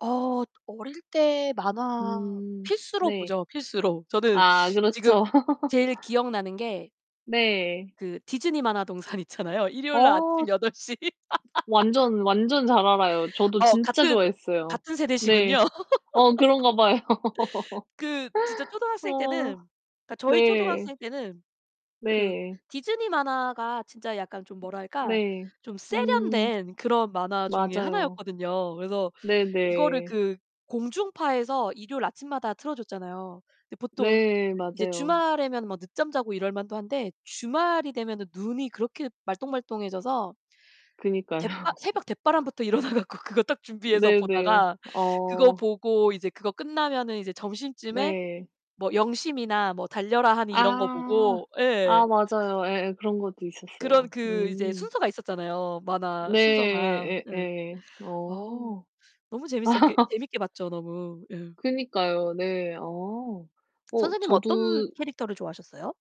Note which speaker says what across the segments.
Speaker 1: 어. 어릴 때 만화
Speaker 2: 음
Speaker 1: 필수로
Speaker 2: 네.
Speaker 1: 보죠, 필수로. 저는
Speaker 2: 아.
Speaker 1: 지금
Speaker 2: 그렇죠.
Speaker 1: 제일 기억나는 게
Speaker 2: 네.
Speaker 1: 그 디즈니 만화동산 있잖아요. 일요일날
Speaker 2: 어.
Speaker 1: 아침 8:00.
Speaker 2: 완전, 완전 잘 알아요. 저도
Speaker 1: 어
Speaker 2: 진짜
Speaker 1: 같은
Speaker 2: 좋아했어요.
Speaker 1: 같은 세대시군요.
Speaker 2: 네. 어 그런가 봐요.
Speaker 1: 그 진짜 초등학생
Speaker 2: 어
Speaker 1: 때는 그니까 저희
Speaker 2: 네.
Speaker 1: 초등학생 때는 그
Speaker 2: 네.
Speaker 1: 디즈니 만화가 진짜 약간 좀 뭐랄까?
Speaker 2: 네.
Speaker 1: 좀
Speaker 2: 음.
Speaker 1: 세련된 그런 만화 중에
Speaker 2: 맞아요.
Speaker 1: 하나였거든요. 그래서 이거를
Speaker 2: 네네.
Speaker 1: 그 공중파에서 일요일 아침마다 틀어줬잖아요. 근데 보통
Speaker 2: 네,
Speaker 1: 이제
Speaker 2: 맞아요.
Speaker 1: 주말에면 뭐 늦잠 자고 이럴 만도 한데 주말이 되면 눈이 그렇게 말똥말똥 해져서
Speaker 2: 그니까요.
Speaker 1: 댓 바 새벽 댓바람부터 일어나 갖고 그거 딱 준비해서
Speaker 2: 네네.
Speaker 1: 보다가 그거
Speaker 2: 어.
Speaker 1: 보고 이제 그거 끝나면은 이제 점심쯤에
Speaker 2: 네.
Speaker 1: 뭐 영심이나 뭐 달려라 하니 이런 거
Speaker 2: 아.
Speaker 1: 보고 예.
Speaker 2: 아 맞아요. 예예. 그런 것도 있었어요.
Speaker 1: 그런 그 이제
Speaker 2: 음.
Speaker 1: 순서가 있었잖아요, 만화 순서가.
Speaker 2: 네.
Speaker 1: 예.
Speaker 2: 예예. 어.
Speaker 1: 어우
Speaker 2: 어.
Speaker 1: 너무 재밌었게 재밌게 봤죠, 너무. 예.
Speaker 2: 그니까요. 네. 아. 어
Speaker 1: 선생님은 어떤
Speaker 2: 저도
Speaker 1: 캐릭터를 좋아하셨어요?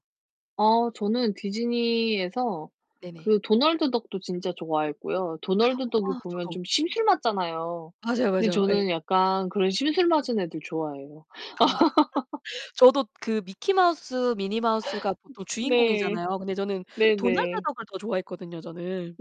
Speaker 2: 어. 저는 디즈니에서
Speaker 1: 네네.
Speaker 2: 그 도널드 덕도 진짜 좋아했고요. 도널드 덕이
Speaker 1: 아
Speaker 2: 보면
Speaker 1: 저도.
Speaker 2: 좀 심술 맞잖아요.
Speaker 1: 맞아요,
Speaker 2: 그런데
Speaker 1: 맞아요. 예.
Speaker 2: 저는 약간 그런 심술 맞은 애들 좋아해요.
Speaker 1: 아. 저도 그 미키 마우스, 미니 마우스가 보통
Speaker 2: 네.
Speaker 1: 주인공이잖아요. 근데 저는 도날드
Speaker 2: 네네.
Speaker 1: 덕을 더 좋아했거든요 저는.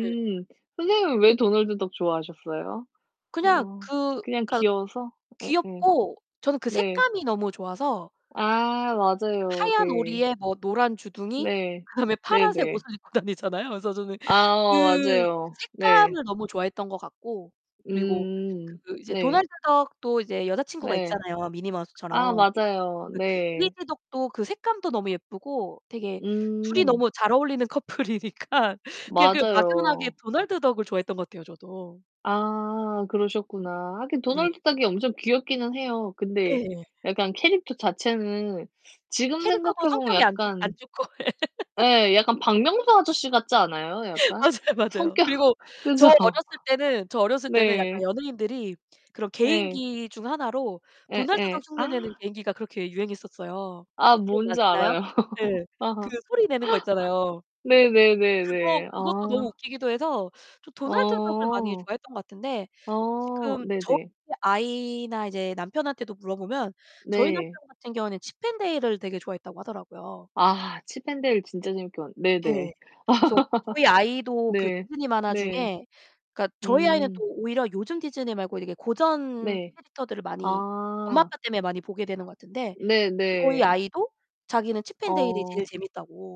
Speaker 1: 네.
Speaker 2: 음. 선생님은 왜 도널드 덕 좋아하셨어요?
Speaker 1: 그냥
Speaker 2: 어
Speaker 1: 그
Speaker 2: 그냥
Speaker 1: 그니까
Speaker 2: 귀여워서? 예예.
Speaker 1: 귀엽고 저는 그
Speaker 2: 네.
Speaker 1: 색감이 너무 좋아서
Speaker 2: 아 맞아요.
Speaker 1: 하얀
Speaker 2: 네.
Speaker 1: 오리에 뭐 노란 주둥이,
Speaker 2: 네.
Speaker 1: 그다음에 파란색
Speaker 2: 네네.
Speaker 1: 옷을 입고 다니잖아요. 그래서 저는
Speaker 2: 아.
Speaker 1: 그
Speaker 2: 맞아요. 네.
Speaker 1: 색감을 너무 좋아했던 것 같고 그리고
Speaker 2: 음
Speaker 1: 그 이제
Speaker 2: 네.
Speaker 1: 도날드 덕도 이제 여자친구가
Speaker 2: 네.
Speaker 1: 있잖아요, 미니
Speaker 2: 아
Speaker 1: 마우스처럼.
Speaker 2: 맞아요.
Speaker 1: 그
Speaker 2: 네.
Speaker 1: 데이지 덕도 그 색감도 너무 예쁘고 되게 둘이
Speaker 2: 음.
Speaker 1: 너무 잘 어울리는 커플이니까 그냥 그 막연하게
Speaker 2: 맞아요.
Speaker 1: 도널드 덕을 좋아했던 것 같아요. 저도.
Speaker 2: 아. 그러셨구나. 하긴
Speaker 1: 네네.
Speaker 2: 도널드 덕이 엄청 귀엽기는 해요. 근데
Speaker 1: 네.
Speaker 2: 약간 캐릭터 자체는 지금
Speaker 1: 캐릭터도
Speaker 2: 생각해 보면
Speaker 1: 성격이 안 좋 안
Speaker 2: 약간
Speaker 1: 좋고.
Speaker 2: 예 약간 박명수 아저씨 같지 않아요, 약간?
Speaker 1: 맞아요, 맞아요.
Speaker 2: 성격.
Speaker 1: 그리고 저
Speaker 2: 그죠?
Speaker 1: 어렸을 때는 저 어렸을 때는 약간
Speaker 2: 네.
Speaker 1: 연예인들이 그런
Speaker 2: 네.
Speaker 1: 개인기 중 하나로 도날드
Speaker 2: 예예.
Speaker 1: 덕 흉내
Speaker 2: 아.
Speaker 1: 내는 개인기가 그렇게 유행했었어요.
Speaker 2: 아 뭔지
Speaker 1: 기억나시나요?
Speaker 2: 알아요.
Speaker 1: 네. 그
Speaker 2: 아.
Speaker 1: 소리 내는 거 있잖아요. 그거
Speaker 2: 네네네네.
Speaker 1: 그것도 너무
Speaker 2: 아.
Speaker 1: 웃기기도 해서 좀 도날드 덕을 많이
Speaker 2: 어.
Speaker 1: 좋아했던 것 같은데
Speaker 2: 아.
Speaker 1: 지금 저희
Speaker 2: 네네.
Speaker 1: 아이나 이제 남편한테도 물어보면 저희 남편
Speaker 2: 네.
Speaker 1: 같은 경우에는 칩앤데일을 되게 좋아했다고 하더라고요.
Speaker 2: 아. 칩앤데일 진짜 재밌게 봤는데. 네네.
Speaker 1: 네. 그래서 저희 아이도 그
Speaker 2: 네.
Speaker 1: 디즈니 만화
Speaker 2: 네.
Speaker 1: 중에 그니까 저희 아이는
Speaker 2: 음.
Speaker 1: 또 오히려 요즘 디즈니 말고 이렇게 고전
Speaker 2: 네.
Speaker 1: 캐릭터들을 많이 엄마,
Speaker 2: 아.
Speaker 1: 아빠 때문에 많이 보게 되는 것 같은데 저희
Speaker 2: 네네.
Speaker 1: 아이도 자기는 칩앤데일이 제일
Speaker 2: 어.
Speaker 1: 재밌다고.